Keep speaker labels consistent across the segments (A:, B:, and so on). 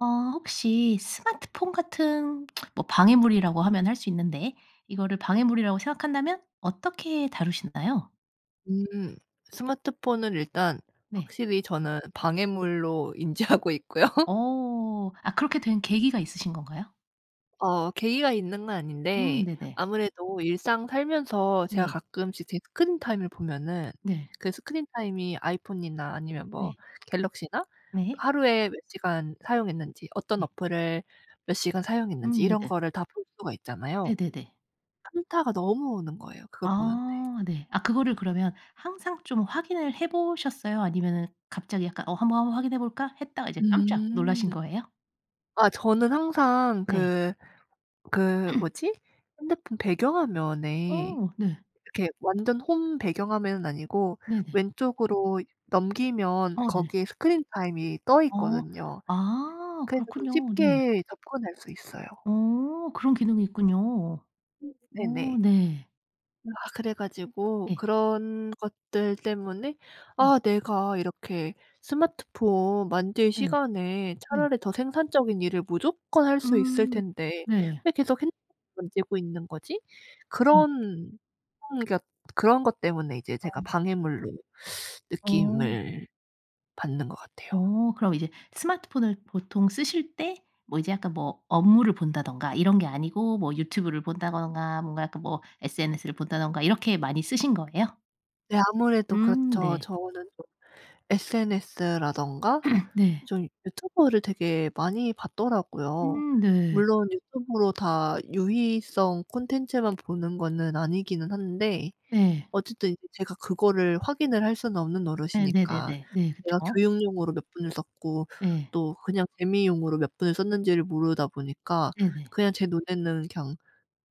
A: 어 혹시 스마트폰 같은 뭐 방해물이라고 하면 할 수 있는데 이거를 방해물이라고 생각한다면 어떻게 다루시나요?
B: 음 스마트폰을 일단
A: 네.
B: 확실히 저는 방해물로 인지하고 있고요.
A: 어. 아 그렇게 된 계기가 있으신 건가요?
B: 어 계기가 있는 건
A: 음
B: 아닌데
A: 네네.
B: 아무래도 일상 살면서 제가
A: 네.
B: 가끔씩 제 스크린 타임을 보면은
A: 네.
B: 그 스크린 타임이 아이폰이나 아니면 뭐
A: 네.
B: 갤럭시나
A: 네.
B: 하루에 몇 시간 사용했는지 어떤
A: 네.
B: 어플을 몇 시간 사용했는지
A: 음
B: 이런
A: 네네.
B: 거를 다 볼 수가 있잖아요.
A: 네네네.
B: 현타가 너무 오는 거예요 그거 보는데.
A: 아 네. 아 그거를 그러면 항상 좀 확인을 해 보셨어요? 아니면은 갑자기 약간 '어 한번, 한번 확인해 볼까?' 했다가 이제 깜짝 놀라신
B: 음.
A: 거예요?
B: 아 저는 항상
A: 네.
B: 그, 그 뭐지? 핸드폰 배경화면에
A: 어 네.
B: 이렇게 완전 홈 배경 화면은 아니고
A: 네네.
B: 왼쪽으로 넘기면
A: 어 네.
B: 거기에 스크린 타임이 떠
A: 어.
B: 있거든요.
A: 아
B: 그래서 좀
A: 그렇군요. 네.
B: 쉽게 접근할 수 있어요.
A: 어 그런 기능이 있군요.
B: 음
A: 어
B: 네네.
A: 네.
B: 아 그래 가지고
A: 예.
B: 그런 것들 때문에
A: 음.
B: '아 내가 이렇게 스마트폰 만질
A: 예.
B: 시간에
A: 네.
B: 차라리 더 생산적인 일을 무조건 할 수 있을
A: 음.
B: 텐데
A: 네.
B: 왜 계속 핸드폰만 만지고 있는 거지?'
A: 음.
B: 그런 그런 그러니까 그런 것 때문에 이제 제가
A: 어.
B: 방해물로
A: 어.
B: 느낌을 받는 것 같아요.
A: 어 그럼 이제 스마트폰을 보통 쓰실 때 뭐 이제 약간 뭐 업무를 본다든가 이런 게 아니고 뭐 유튜브를 본다든가 뭔가 약간 뭐 SNS를 본다든가 이렇게 많이 쓰신 거예요?
B: 네 아무래도
A: 음
B: 그렇죠.
A: 네.
B: 저는 좀 SNS라든가
A: 네.
B: 좀 유튜브를 되게 많이 봤더라고요.
A: 음 네.
B: 물론 유튜브로 다 유희성 콘텐츠만 보는 거는 아니기는 한데
A: 네.
B: 어쨌든 이제 제가 그거를 확인을 할 수는 없는 노릇이니까
A: 네네네네. 네.
B: 내가
A: 그쵸.
B: 교육용으로 몇 분을 썼고
A: 네.
B: 또 그냥 재미용으로 몇 분을 썼는지를 모르다 보니까
A: 네네.
B: 그냥 제 눈에는 그냥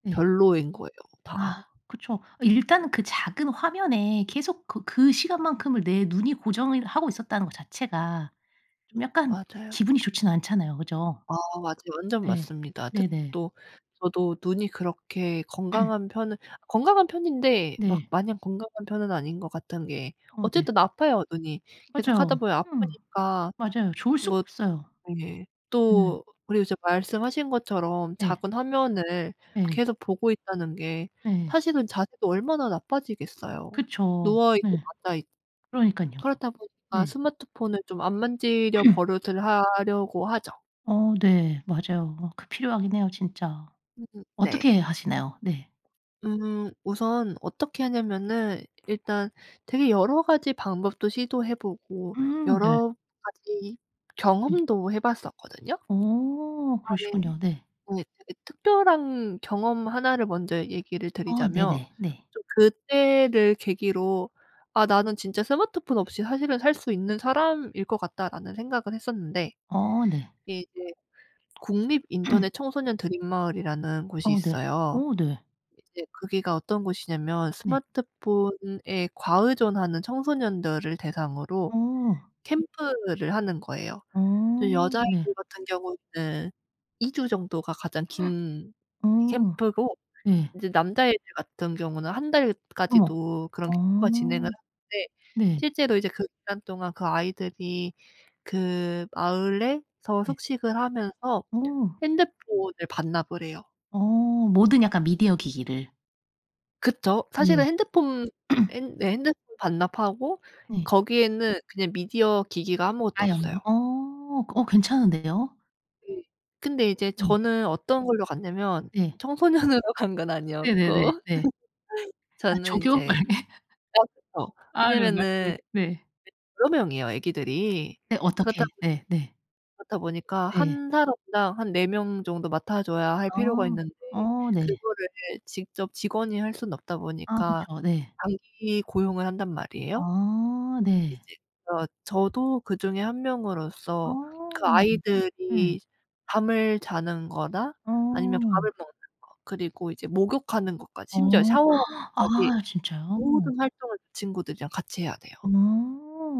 A: 네.
B: 별로인 거예요
A: 아
B: 다.
A: 그쵸. 어 일단은 그 작은 화면에 계속 그 그 시간만큼을 내 눈이 고정을 하고 있었다는 것 자체가 좀 약간
B: 맞아요.
A: 기분이 좋진 않잖아요. 그죠?
B: 아 맞아요. 완전
A: 네.
B: 맞습니다. 특히
A: 네네.
B: 또 저도 눈이 그렇게 건강한 편은 건강한 편인데 막
A: 네.
B: 마냥 건강한 편은 아닌 것 같은 게
A: 어 네.
B: 어쨌든 아파요 눈이.
A: 맞아요.
B: 계속하다 보면
A: [unintelligible]
B: 아프니까
A: 맞아요. 좋을 수가
B: 뭐
A: 없어요.
B: 네.
A: 음.
B: 또 그리고 이제 말씀하신 것처럼
A: 예.
B: 작은 화면을
A: 예.
B: 계속 보고 있다는 게
A: 예.
B: 사실은 자세도 얼마나 나빠지겠어요.
A: 그쵸.
B: 누워 있고
A: 예.
B: 앉아 있
A: 그러니깐요.
B: 그렇다 보니까
A: 네.
B: 스마트폰을 좀 안 만지려 버릇을 하려고 하죠.
A: 어 네 맞아요. 그 필요하긴 해요 진짜.
B: 음 네.
A: 어떻게 하시나요? 네.
B: 음 우선 어떻게 하냐면은 일단 되게 여러 가지 방법도 시도해 보고
A: 음 네.
B: 여러 가지
A: 예.
B: 경험도 해 봤었거든요. 아
A: 어
B: 예.
A: 그러시군요. 네.
B: 네 되게 특별한 경험 1 를 먼저 얘기를
A: 어
B: 드리자면
A: 네네. 네.
B: 좀 그때를 계기로 '아 나는 진짜 스마트폰 없이 사실은 살 수 있는 사람일 것 같다.'라는 생각을 했었는데
A: 어 네.
B: 그게 이제 국립 인터넷 청소년 드림 마을이라는 곳이
A: 어 네.
B: 있어요.
A: 어 네.
B: 이제 거기가 어떤 곳이냐면
A: 네.
B: 스마트폰에 과의존하는 청소년들을 대상으로
A: 어.
B: 캠프를 하는 거예요. 이제
A: 어 네.
B: 여자애들 같은 경우는 2 주 정도가 가장 긴
A: 어.
B: 캠프고
A: 네.
B: 이제 남자애들 같은 경우는 1
A: 어머.
B: 달까지도 그런 캠프가
A: 어
B: 진행을 하는데
A: 네.
B: 실제로 이제 그 기간 동안 그 아이들이 그 마을에서
A: 네.
B: 숙식을 하면서
A: 어.
B: 핸드폰을 반납을 해요.
A: 어 모든 약간 미디어 기기를.
B: 그쵸. 사실은
A: 네.
B: 핸드폰 핸 네 핸드폰 반납하고
A: 네.
B: 거기에는 그냥 미디어 기기가 아무것도
A: 아유
B: 없어요.
A: 어 어 괜찮은데요.
B: 예. 근데 이제
A: 네.
B: 저는 어떤 걸로 갔냐면
A: 네.
B: 청소년으로 간 건
A: 네네네
B: 아니었고
A: 네. 아
B: 저는
A: 조교?
B: 인제 아 그쵸.
A: 아
B: 왜냐면은
A: 그런가요. 예.
B: 네
A: 네.
B: 여러 명이에요 애기들이.
A: 네
B: 그렇다
A: 어떻게.
B: 보니
A: 네 네.
B: 그렇다 보니까
A: 네.
B: 1 사람당 한 4 명 정도 맡아 줘야 할 필요가
A: 아
B: 있는데
A: 어 네.
B: 그거를 직접 직원이 할 수는 없다
A: 아
B: 보니까
A: 그쵸. 네.
B: 단기 고용을 한단 말이에요.
A: 아 네.
B: 이제 어 저도 그중의 1
A: 아
B: 명으로서 그
A: 예.
B: 아이들이 잠을 자는 거나 아니면
A: 어.
B: 밥을 먹는 거 그리고 이제 목욕하는 것까지 심지어
A: 어
B: 샤워하는 것까지
A: 아 진짜요?
B: 모든 활동을 그 친구들이랑 같이 해야 돼요.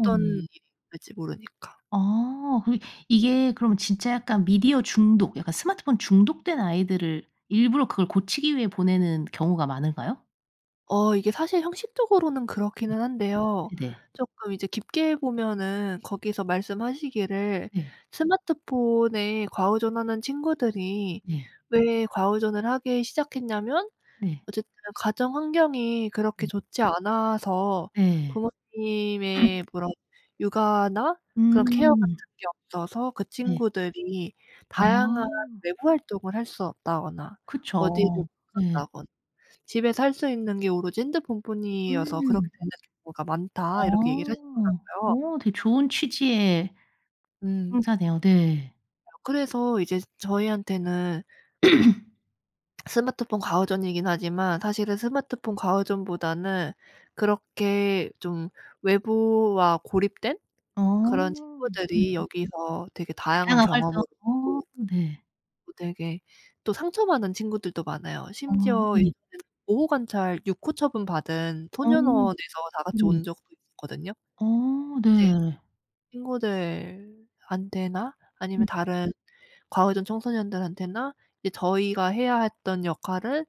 B: 어떤 일이 있을지 모르니까.
A: 아 그럼 이게 그럼 진짜 약간 미디어 중독 약간 스마트폰 중독된 아이들을 일부러 그걸 고치기 위해 보내는 경우가 많을까요?
B: 어 이게 사실 형식적으로는
A: 네.
B: 그렇기는 한데요.
A: 네.
B: 쪼끔 이제 깊게 보면은 거기서 말씀하시기를
A: 네.
B: 스마트폰에 과의존하는 친구들이
A: 예.
B: 왜 과의존을 하기 시작했냐면
A: 네.
B: 어쨌든 "가정환경이 그렇게
A: 네.
B: 좋지 않아서
A: 네.
B: 부모님의 그런 육아나 그런 케어
A: 음.
B: 같은 게 없어서 그
A: 네.
B: 친구들이
A: 아.
B: 다양한 외부 활동을 할 수 없다거나 어디를 못
A: 그쵸. 네.
B: 간다거나 집에서 할 수 있는 게 오로지 핸드폰뿐이어서 그렇게
A: 음.
B: 되는 경우가 많다." 이렇게 얘기를
A: 어.
B: 하시더라고요.
A: 어 되게 좋은 취지의
B: 음. 맞아요.
A: 행사네요. 네.
B: 그래서 이제 저희한테는 스마트폰 과의존이긴 하지만 사실은 스마트폰 과의존보다는 그렇게 좀 외부와 고립된
A: 아
B: 그런
A: 네.
B: 친구들이 여기서 되게 다양한
A: 다양한 활동.
B: 경험으로
A: 아
B: 있고
A: 네.
B: 또 되게 또 상처받은 친구들도 많아요.
A: 어
B: 심지어
A: 네.
B: 예전에는 보호관찰 6 호 처분 받은
A: 어
B: 소년원에서 다 같이
A: 네.
B: 온 적도 있었거든요.
A: 어
B: 이제
A: 네.
B: 친구들한테나 아니면
A: 네.
B: 다른 과의존 청소년들한테나 이제 저희가 해야 했던 역할을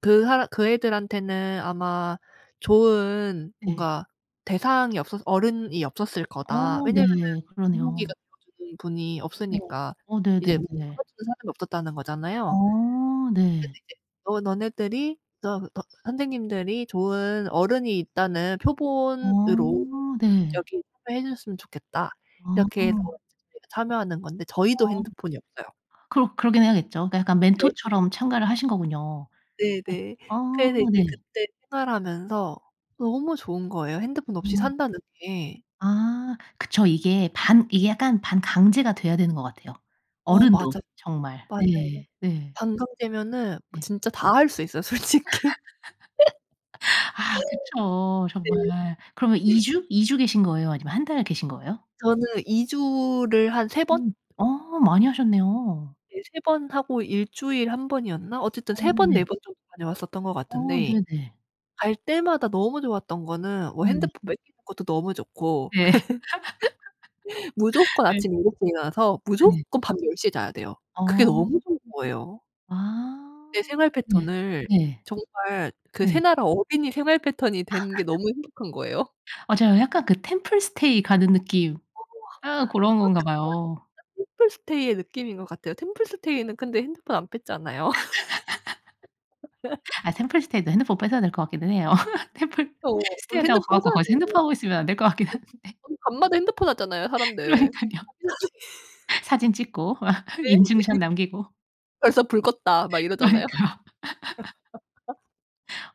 B: 그 사람 "그 애들한테는 아마 좋은
A: 네.
B: 뭔가 대상이 없었 어른이 없었을 거다."
A: 어
B: 왜냐면은
A: 네. 그러네요.
B: 본보기가 되어 주는 분이
A: 네.
B: 없으니까
A: 어
B: 이제 [unintelligible]
A: 네네네.
B: 잡아주는 사람이 없었다는 거잖아요.
A: 어
B: 그래서
A: 네.
B: 이제 "너 너네들이 저 어 선생님들이 좋은 어른이 있다는 표본으로 음
A: 어 네.
B: 여기 참여해 주셨으면 좋겠다." 이렇게 해서
A: 아.
B: 이제 저희가 참여하는 건데 저희도
A: 어
B: 핸드폰이 없어요.
A: 그러 그러긴 해야겠죠. 그니까 약간
B: 네.
A: 멘토처럼 참가를 하신 거군요. 네.
B: 네네.
A: 아
B: 그래서 이제
A: 네.
B: 그때 생활하면서 너무 좋은 거예요 핸드폰 없이
A: 음.
B: 산다는 게.
A: 아 그쵸. 이게 반 이게 약간 반강제가 돼야 되는 것 같아요
B: 어
A: 어른도
B: 맞아요.
A: 정말.
B: 맞아요.
A: 네. 네.
B: 반강제면은 뭐
A: 네.
B: 진짜 다 할 수 있어요 솔직히.
A: 아 그쵸
B: 네.
A: 정말. 그러면 2 주, 2 주 계신 거예요? 아니면 1 달을 계신 거예요?
B: 저는 2 주를 한 3 번?
A: 음 어 많이 하셨네요.
B: 예. 3 번 하고 1 주일 1 번이었나? 어쨌든
A: 어
B: 3 번, 4
A: 네.
B: 번 정도 다녀왔었던 것
A: 어
B: 같은데
A: 네네.
B: 갈 때마다 너무 좋았던 거는 뭐
A: 어 네.
B: 핸드폰 뺏기는 것도 너무 좋고
A: 네.
B: 무조건
A: 네.
B: 아침 7:00 에 일어나서
A: 네.
B: 무조건 밤 10:00 에 자야 돼요. 그게
A: 어.
B: 너무 좋은 거예요. 내
A: 아
B: 생활
A: 네.
B: 패턴을
A: 네.
B: 정말 그 새
A: 네.
B: 나라 어린이 생활 패턴이 되는 게 너무 행복한 거예요.
A: 맞아요. 약간 그 템플스테이 가는 느낌.
B: 어
A: 아 고런
B: 똑같은
A: 건가
B: [unintelligible]
A: 봐요.
B: 템플스테이의 느낌인 것 같아요. 템플스테이는 근데 핸드폰 안 뺐잖아요.
A: 아 템플스테이도 핸드폰 뺏어야 될 것 같기도 해요.
B: 그쵸. 어
A: 템플스테이라고 가
B: 핸드폰
A: 갖고
B: 뺏어야
A: 거기서
B: 돼요.
A: 핸드폰 하고 있으면 안 될 것 같긴 한데.
B: [unintelligible] 밤마다 핸드폰 하잖아요 사람들.
A: 그러니깐요. 사진 찍고 막
B: 네?
A: 인증샷 남기고.
B: "벌써 불 껐다." 막 이러잖아요.
A: 그러니까.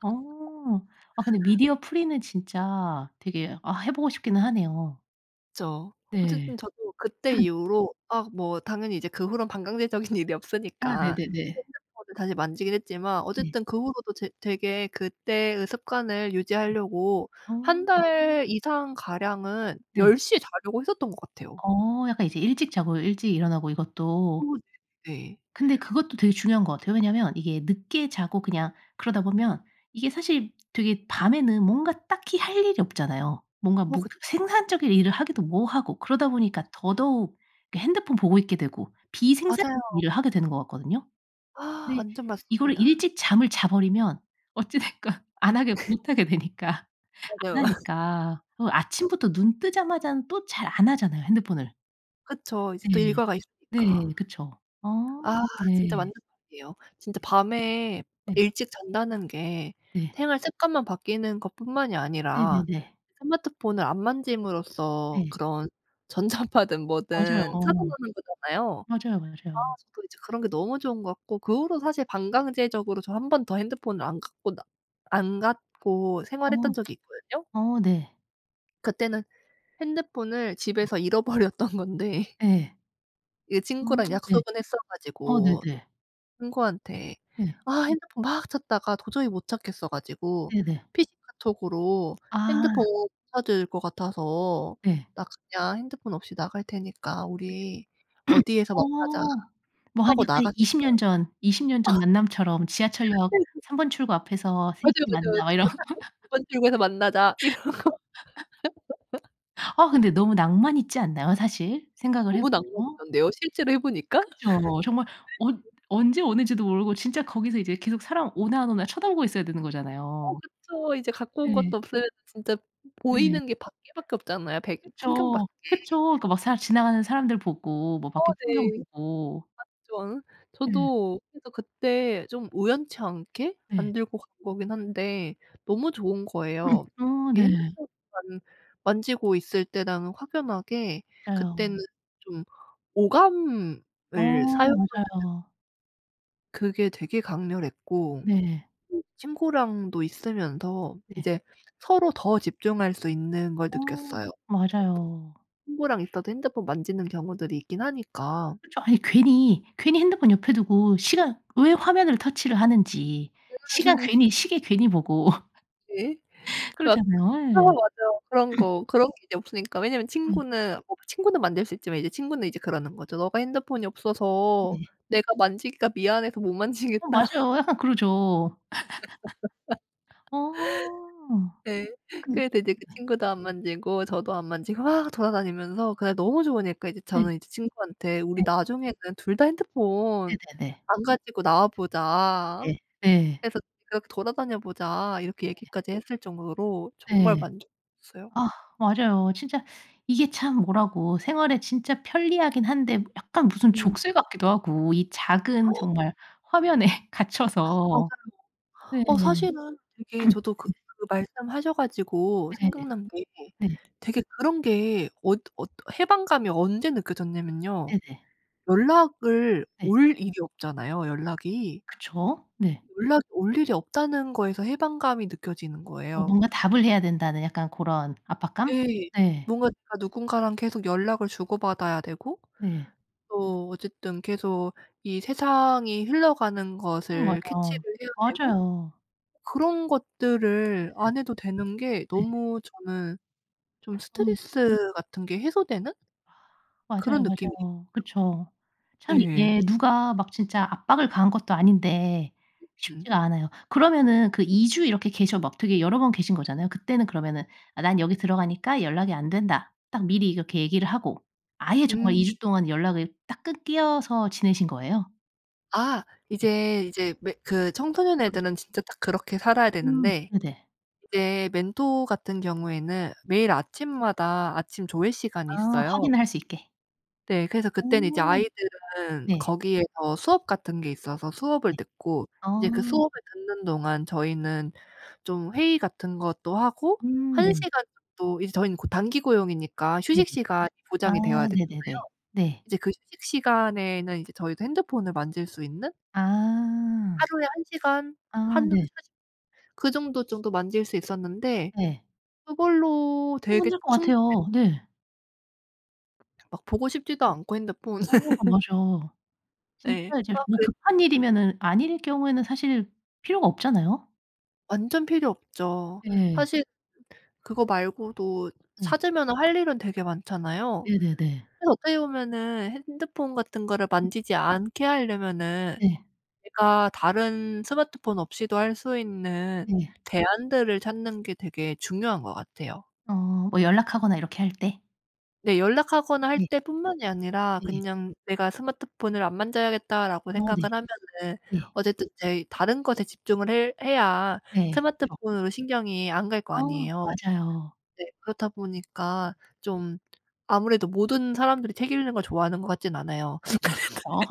A: 어. 아 근데 미디어 프리는 진짜 되게 아 해 보고 싶기는 하네요.
B: 그쵸.
A: 네.
B: 어쨌든 저도 그때 이후로 아 뭐 당연히 이제 그 후론 반강제적인 일이
A: 아
B: 없으니까
A: 네네네.
B: 핸드폰을 다시 만지긴 했지만
A: 네.
B: 어쨌든 그 후로도 제 되게 그때의 습관을 유지하려고 1
A: 음. 아.
B: 달 이상 가량은
A: 네.
B: 10 시에 자려고 했었던 것 같아요.
A: 어 약간 이제 일찍 자고 일찍 일어나고
B: 어
A: 이것도
B: 네 네.
A: 근데 그것도 되게 중요한 것 같아요. 왜냐면 이게 늦게 자고 그냥 그러다 보면 이게 사실 되게 밤에는 뭔가 딱히 할 일이 없잖아요. 뭔가
B: 어
A: 뭐
B: 그
A: 생산적인 일을 하기도 뭐하고 그러다
B: 맞아
A: 보니까 더더욱 핸드폰 보고 있게 되고 비생산적인
B: 맞아요.
A: 일을 하게 되는 것 같거든요.
B: 아
A: 근데
B: 완전
A: 이거를
B: 맞습니다.
A: 일찍 잠을 자 버리면 어찌 됐건 안 하게 못 하게 되니까. 안
B: 맞아요.
A: 하니까. 그리고 아침부터 눈 뜨자마자는 또 잘 안 하잖아요 핸드폰을.
B: 그쵸. 이제 또
A: 네.
B: 일과가
A: 네.
B: 있으니까.
A: 그쵸. 어
B: 아 진짜
A: 네.
B: 맞는 말이예요. 진짜 밤에
A: 네.
B: 일찍 잔다는 게
A: 네.
B: 생활 습관만 바뀌는 것 뿐만이 아니라
A: 네네네.
B: 스마트폰을 안 만짐으로써
A: 네.
B: 그런 전자파든
A: 맞아요.
B: 뭐든
A: 어.
B: 차단하는 거잖아요.
A: 맞아요,
B: 아
A: 맞아요.
B: 저도 이제 그런 게 너무 좋은 것 같고 그 후로 사실 반강제적으로 저 1 번 더 핸드폰을 안 갖고 나 안 갖고 생활했던
A: 어
B: 적이 있거든요.
A: 어네.
B: 그때는 핸드폰을 집에서 잃어버렸던 건데
A: 예.
B: 이게
A: 아
B: 친구랑
A: 네.
B: 약속은 했어
A: 어
B: 가지고
A: 네네.
B: 친구한테
A: 네.
B: 아 핸드폰 막 찾다가 도저히 못 찾겠어 가지고
A: 네네.
B: PC 카톡으로 "핸드폰
A: 아.
B: 못 찾을 것 같아서
A: 예.
B: 나 그냥 핸드폰 없이 나갈 테니까 우리 어디에서 만나자."
A: 어 뭐 한
B: 하고
A: 약간
B: 나갔어요.
A: 20 년 전, 20 년 전 만남처럼 "지하철역
B: 네 진
A: 3 번 출구 앞에서 3
B: 맞아요,
A: 시에
B: 맞아요.
A: 만나." 막 이런
B: 저도 딱 그랬어요. "2 출구에서 만나자."
A: 그죠.
B: 이러고
A: 아 근데 너무 낭만 있지 않나요 사실? 생각을 해
B: 너무
A: 보면?
B: 난감하던데요. 실제로 해 보니까.
A: 그죠. 정말 언 언제 오는지도 모르고 진짜 거기서 이제 계속 사람 오나 안 오나 쳐다보고 있어야 되는
B: 어
A: 거잖아요.
B: 그쵸. 이제 갖고 온
A: 네.
B: 것도 없어요. 진짜
A: 네.
B: 보이는 게 밖에 밖에 없잖아요. 백 풍경 밖에.
A: 그쵸. 그쵸. 그니까 막 사 지나가는 사람들 보고 뭐
B: 어
A: 밖에 풍경
B: 네.
A: 보고.
B: 맞죠.
A: 예.
B: 저도 해서 그때 좀 우연치 않게 안
A: 예.
B: 들고 간 거긴 한데 너무 좋은 거예요.
A: 어
B: 이게
A: 네.
B: 핸드폰만 만지고 있을 때랑은 확연하게. 그때는
A: 에온.
B: 좀 오감을
A: 어
B: 사용하잖아.
A: 맞아요.
B: 그게 되게 강렬했고
A: 네.
B: 음 친구랑도 있으면서
A: 네.
B: 이제 서로 더 집중할 수 있는 걸
A: 어.
B: 느꼈어요.
A: 맞아요.
B: 친구랑 있어도 핸드폰 만지는 경우들이 있긴 하니까.
A: 그쵸. 아니 괜히 괜히 핸드폰 옆에 두고 시간 왜 화면을 터치를 하는지. 시간 괜히 시계 괜히 보고
B: 네. [unintelligible]
A: 그러잖아요. 예.
B: 맞아요. 그런 거 그런 게 이제 없으니까. 왜냐면
A: 음.
B: 친구는 친구는 만질 수 있지만 이제 친구는 이제 그러는 거죠. "너가 핸드폰이 없어서
A: 네.
B: 내가 만지기가 미안해서 못
A: 어
B: 만지겠다."
A: 맞아요. 약간 그러죠. 어.
B: 네.
A: 근데
B: 그래서 이제 그 친구도 안 만지고 저도 안 만지고 막 돌아다니면서 그날 너무 좋으니까 이제
A: 네.
B: 저는 이제 친구한테 "우리
A: 네.
B: 나중에는 2 다 핸드폰
A: 네네네.
B: 안 가지고 나와 보자.
A: 네 네.
B: 그래서 그냥 돌아다녀 보자." 이렇게
A: 네.
B: 얘기까지 했을 정도로 정말
A: 네.
B: 만족했어요.
A: 아 맞아요. 진짜 이게 참 뭐라고 생활에 진짜 편리하긴 한데 약간 무슨
B: 음.
A: 족쇄 같기도 하고 이 작은 정말 화면에 갇혀서.
B: 맞아요.
A: 네.
B: 어 사실은 되게 저도 그 그 말씀하셔 가지고
A: 네네네
B: 생각난 게
A: 네.
B: 되게 그런 게 어 어 해방감이 언제 느껴졌냐면요,
A: 네네.
B: 연락을
A: 네.
B: 올 일이 없잖아요 연락이.
A: 그쵸. 네.
B: 연락이 올 일이 없다는 거에서 해방감이 느껴지는
A: 어
B: 거예요.
A: 뭔가 답을 해야 된다는 약간 고런 압박감?
B: 예.
A: 네.
B: 뭔가 내가 누군가랑 계속 연락을 주고받아야 되고
A: 네.
B: 또 어쨌든 계속 이 세상이 흘러가는
A: 어
B: 것을 캐치를
A: 맞아요.
B: 해야 되고
A: 맞아요.
B: 그런 것들을
A: 네.
B: 안 해도 되는 게
A: 네.
B: 너무 저는 좀
A: 음.
B: 스트레스 같은 게 해소되는 그런
A: 맞아요,
B: 느낌이에요.
A: 맞아요. 그쵸. 참
B: 네.
A: 이게 누가 막 진짜 압박을 가한 것도 아닌데
B: 음.
A: 쉽지가 않아요. 그러면은 그 2 주 이렇게 계셔 막 되게 여러 번 계신 거잖아요. 그때는 그러면은 "아 난 여기 들어가니까 연락이 안 된다." 딱 미리 이렇게 얘기를 하고 아예 정말 2
B: 음.
A: 주 동안 연락을 딱 끊겨서 지내신 거예요?
B: 아
A: 네.
B: 이제, 이제 매 그 청소년 애들은 진짜 딱 그렇게 살아야
A: 음
B: 되는데
A: 네네.
B: 이제 멘토 같은 경우에는 매일 아침마다 아침 조회 시간이
A: 아
B: 있어요.
A: 확인을 할 수 있게.
B: 네. 그래서 그때는 이제
A: 음.
B: 아이들은
A: 네.
B: 거기에서 수업 같은 게 있어서 수업을
A: 네
B: 듣고
A: 아.
B: 이제 그 수업을 듣는 동안 저희는 좀 회의 같은 것도 하고
A: 음
B: 1
A: 네.
B: 시간 정도 이제 저희는 고 단기 고용이니까
A: 네네.
B: 휴식 시간이
A: 아
B: 보장이 되어야 되잖아요.
A: 네네네. 네.
B: 이제 그 휴식 시간에는 이제 저희도 핸드폰을 만질 수 있는?
A: 아.
B: 하루에 1 시간
A: 아
B: 한
A: 네.
B: 40 그 정도, 정도 만질 수 있었는데
A: 네.
B: 그걸로 되게
A: 충분할 것
B: 충분해요.
A: 같아요. 네.
B: 막
A: 음.
B: 보고 싶지도 않고 핸드폰을
A: 어 아 맞아. 진짜
B: 네.
A: 이제
B: 아
A: 뭐
B: 그래
A: 급한
B: [unintelligible]
A: 일이면은 아닐 경우에는 사실 필요가 없잖아요?
B: 완전 필요 없죠.
A: 네.
B: 사실 그거 말고도
A: 네.
B: 찾으면은 할 일은 되게 많잖아요.
A: 네네네.
B: 그래서 어떻게 보면은 핸드폰 같은 거를 만지지 않게 하려면은
A: 네.
B: 제가 다른 스마트폰 없이도 할 수 있는
A: 네.
B: 대안들을 찾는 게 되게 중요한 것 같아요.
A: 어 뭐 연락하거나 이렇게 할 때?
B: 네 연락하거나 할
A: 네.
B: 때뿐만이 아니라
A: 네.
B: 그냥 '내가 스마트폰을 안 만져야겠다.'라고
A: 아
B: 생각을
A: 네.
B: 하면은
A: 네.
B: 어쨌든 이제 다른 것에 집중을 핼 해야
A: 네 그쵸.
B: 스마트폰으로 신경이 안 갈 거
A: 어
B: 아니에요.
A: 맞아요.
B: 네 그렇다
A: 음.
B: 보니까 좀 아무래도 모든 사람들이 책 읽는 걸 좋아하는 것 같진 않아요.
A: 네 맞죠.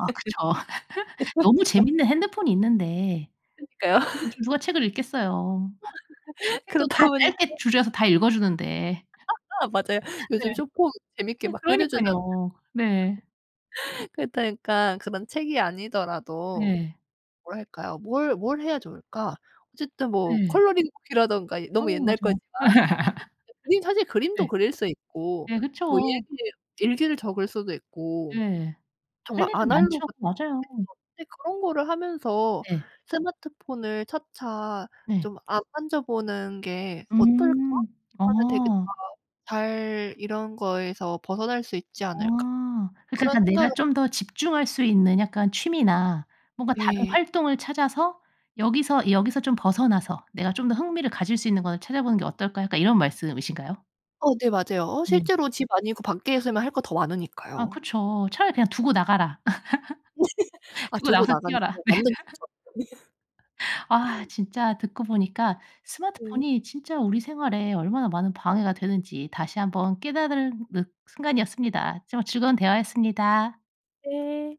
A: 아 그쵸. 너무 재밌는 핸드폰이 있는데
B: 그러니까요.
A: 요즘 누가 책을 읽겠어요. 책도
B: 그렇다
A: 다
B: 보니까
A: 짧게 줄여서 다 읽어 주는데.
B: 맞아요.
A: 예.
B: 요즘 숏폼 재미있게
A: 네
B: 막 끓여 주잖아요.
A: 그러니깐요. 네.
B: 그렇다 보니까 그런 책이 아니더라도
A: 네.
B: 뭘 할까요? 뭘 뭘 해야 좋을까? 어쨌든 뭐
A: 네.
B: 컬러링 북이라든가
A: 어
B: 너무 옛날
A: 맞아.
B: 거지만. [unintelligible] 우린 사실 그림도
A: 네.
B: 그릴 수 있고
A: 네
B: 뭐
A: 그쵸.
B: 일기를 일기를 적을 수도 있고
A: 네. 할
B: 정말
A: 일은 많죠.
B: 아날로그
A: 맞아요.
B: [unintelligible] 그런 거를 하면서
A: 네.
B: '스마트폰을 차차
A: 네.
B: 좀 안 만져보는 게 어떨까?
A: 음
B: 그러면 되게 다
A: 어.
B: 잘 이런 거에서 벗어날 수 있지 않을까.'
A: 아 그러니까
B: 그런
A: 약간 내가
B: 생각을
A: 좀 더 집중할 수 있는 약간 취미나 뭔가 다른
B: 예.
A: 활동을 찾아서 여기서 여기서 좀 벗어나서 내가 좀 더 흥미를 가질 수 있는 거를 찾아 보는 게 어떨까 약간 이런 말씀이신가요?
B: 어 네 맞아요. 어
A: 네.
B: 실제로 집 아니고 밖에 있으면 할 거 더
A: 아
B: 많으니까요.
A: 그쵸. 차라리 그냥 "두고 나가라."
B: 아
A: "두고
B: 두고
A: 나가서
B: 나가면
A: 뛰어라."
B: [unintelligible]
A: 네.
B: 완전 좋죠.
A: 아 진짜 듣고 보니까
B: 네.
A: 스마트폰이 진짜 우리 생활에 얼마나 많은 방해가 되는지 다시 한번 깨달은 늑 순간이었습니다. 정말 즐거운 대화였습니다.
B: 네.